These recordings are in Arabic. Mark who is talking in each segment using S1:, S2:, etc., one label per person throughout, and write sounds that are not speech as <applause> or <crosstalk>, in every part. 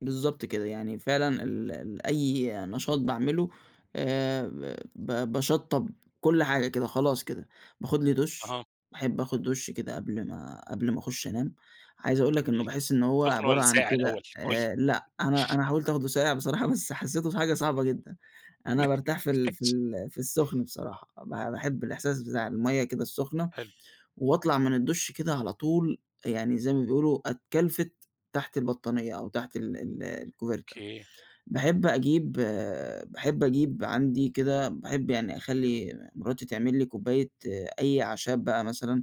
S1: بالضبط كده. يعني فعلًا ال ال أي نشاط باعمله، آآ ب باشطَّب كل حاجة كده خلاص كده. باخُد لي دُش،
S2: أها.
S1: باحب آخُد دُش كده قبل ما قبل ما أخُش أنام. عايز أقول لك إنه
S2: جميل.
S1: باحِس إن هو
S2: سُخن
S1: عبارة
S2: والّا
S1: عن
S2: ساقع الأول؟
S1: كده
S2: قُل لي.
S1: آآ لأ، أنا أنا حاولت آخدُه ساقع بصراحة، بس حسّيته حاجة صعبة جدًا. أنا بارتاح في ال في
S2: <unintelligible>
S1: ال في السُخن بصراحة، ب باحب الإحساس بتاع المَيّة كده السُخنة،
S2: حلو.
S1: وأطلع من الدُش كده على طول يعني زي ما بيقولوا أتْكَلفِت تحت البطانية أو تحت ال ال الcoverta.
S2: أوكي.
S1: باحب أجيب باحب أجيب عندي كده باحب يعني أخلّي مراتي تعمل لي كوباية أي أعشاب بقى مثلًا.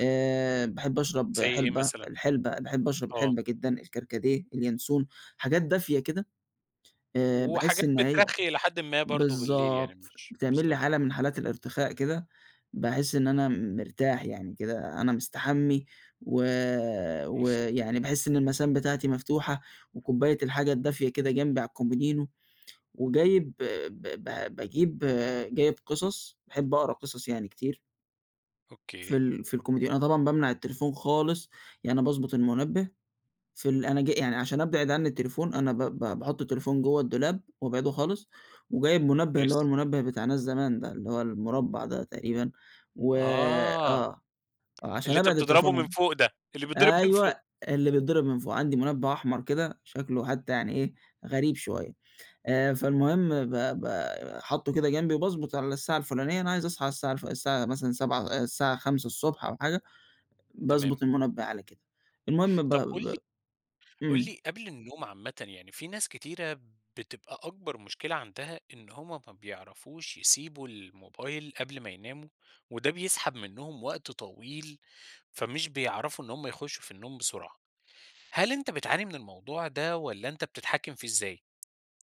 S1: آآ باحب أشرب
S2: زي إيه
S1: حِلبة
S2: مثلًا؟
S1: الحِلبة، باحب أشرب
S2: آه.
S1: الحِلبة جدًا، الكركديه، الينسون، حاجات دافية كده. آآ باحِس
S2: وحاجات
S1: إن هي
S2: بترخّي إلى حدٍ ما برضه بالليل يعني
S1: بالضبط،
S2: مش
S1: بتعمل لي
S2: بالضبط.
S1: حالة من حالات الارتخاء كده، باحِس إن أنا م مرتاح يعني كده، أنا مستحمّي، و
S2: <unintelligible>
S1: ويعني باحِس إن المَسام بتاعتي مفتوحة وكوباية الحاجة الدافية كده جنبي على الكومودينو وجايب ب ب باجيب جايب قِصَص، باحب أقرا قِصَص يعني كتير. في
S2: أوكي.
S1: ال في الكومودينو. أنا طبعًا بامنع التليفون خالص، يعني باضبُط المُنبّه في ال أنا ج يعني عشان أبعِد عنّي التليفون، أنا ب ب باحُط التليفون جوّه الدولاب وأبعده خالص وجايب مُنبّه اللي هو
S2: كويس.
S1: المُنبّه بتاع ناس زمان ده، اللي هو المُربّع ده تقريبًا. و
S2: آه.
S1: آه، آه، عشان
S2: اللي أنت
S1: أبعِد
S2: بتضربه من
S1: التليفون
S2: فوق ده، اللي بيتضرب من
S1: أيوه،
S2: فوق.
S1: اللي بيِتضرب من فوق. عندي مُنبّه أحمر كده، شكله حتّى يعني إيه، غريب شوية. آآ فالمهم ب ب حاطّه كده جنبي وباضبُط على الساعة الفُلانية، أنا عايز أصحى على الساعة ف الساعة مثلًا 07:00 آآ الساعة 5:00 ص أو حاجة،
S2: تمام.
S1: باضبُط المُنبّه على كده. المهم ب
S2: طَب قُل
S1: ب
S2: لي قُل
S1: إمم.
S2: لي قبل النوم عامةً يعني في ناس كتيرة بتبقى أكبر مشكلة عندها إن هم ما بيعرفوش يسيبوا الموبايل قبل ما يناموا وده بيسحب منّهم وقت طويل، فمش بيعرفوا إن هم يخُشّوا في النوم بسرعة. هل أنت بتعاني من الموضوع ده والّا أنت بتتحكِّم فيه إزاي؟